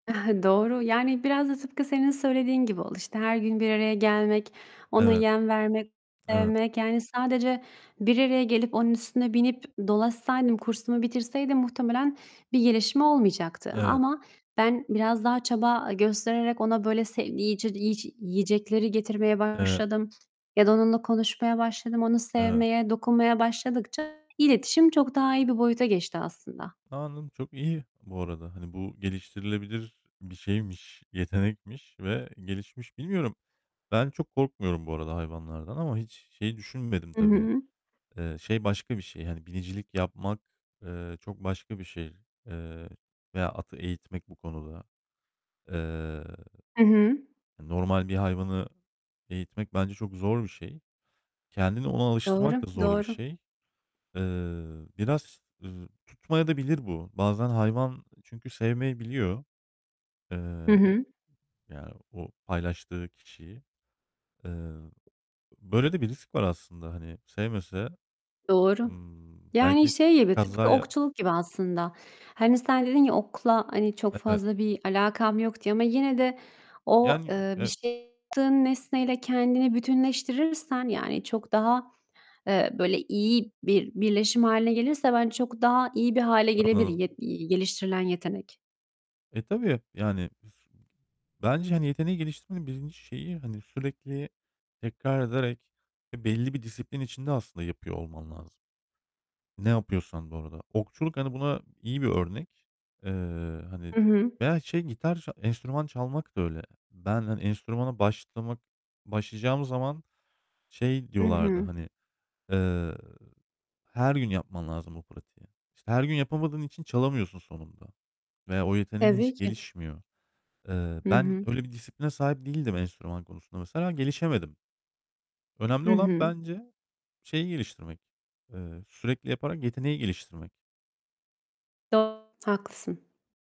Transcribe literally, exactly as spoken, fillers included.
Doğru. Yani biraz da tıpkı senin söylediğin gibi oldu. İşte, her gün bir araya gelmek, ona Evet. yem vermek, Eve [unintelligible] yani, sadece bir araya gelip onun üstüne binip dolaşsaydım, kursumu bitirseydim, muhtemelen bir gelişme olmayacaktı Evet. ama ben biraz daha çaba göstererek ona, böyle, [unintelligible] yiyecekleri getirmeye Evet. başladım ya da onunla konuşmaya başladım. Onu Evet. sevmeye, dokunmaya başladıkça iletişim çok daha iyi bir boyuta geçti aslında. A, anladım, çok iyi bu arada. Hani, bu geliştirilebilir bir şeymiş, yetenekmiş ve gelişmiş Bilmiyorum, ben çok korkmuyorum bu arada hayvanlardan ama hiç şey düşünmedim I tabii. hı. Eee, şey başka bir şey, hani, binicilik yapmak, eee, çok başka bir şey, eee, veya atı eğitmek bu konuda. Eee, I hı. normal bir hayvanı eğitmek bence çok zor bir şey. Kendini ona alıştırmak Doğru, da zor bir doğru. şey. Eee, biraz, ııı, tutmayabilir de bu. Bazen hayvan çünkü sevmeyebiliyor. Hı Eee, e hı. ya, o paylaştığı kişiyi. Eee, böyle de bir risk var aslında, hani, sevmese, Doğru. ımm, Yani, belki şey gibi, tıpkı kaza ya okçuluk gibi aslında. Hani, sen dedin ya, "Okla, hani, çok Evet. fazla bir alakam yok." diye. Ama yine de o, Yani, eee, bir e şey tığın nesneyle kendini bütünleştirirsen, yani, çok daha, eee, böyle, iyi bir birleşim hâline gelirse bence çok daha iyi bir hâle gelebilir, Anladım. ye y geliştirilen yetenek. E, tabii. Yani, [unintelligible] bence, hani, yeteneği geliştirmenin birinci şeyi, hani, sürekli tekrar ederek, eee, belli bir disiplin içinde aslında yapıyor olman lazım. Ne yapıyorsan bu arada. Okçuluk, hani, buna iyi bir örnek. Eee, hani, Hı hı. veya şey gitar enstrüman çalmak da öyle. Ben, hani, enstrümana başlamak başlayacağım zaman, şey, Hı diyorlardı, hı. hani, eee, "Her gün yapman lazım o pratiği." İşte, her gün yapamadığın için çalamıyorsun sonunda veya o yeteneğin Tabii hiç ki. gelişmiyor. Eee, Hı ben hı. öyle bir disipline sahip değildim enstrüman konusunda mesela, gelişemedim. Önemli Hı olan hı. bence şeyi geliştirmek, eee, sürekli yaparak yeteneği geliştirmek. Do Haklısın.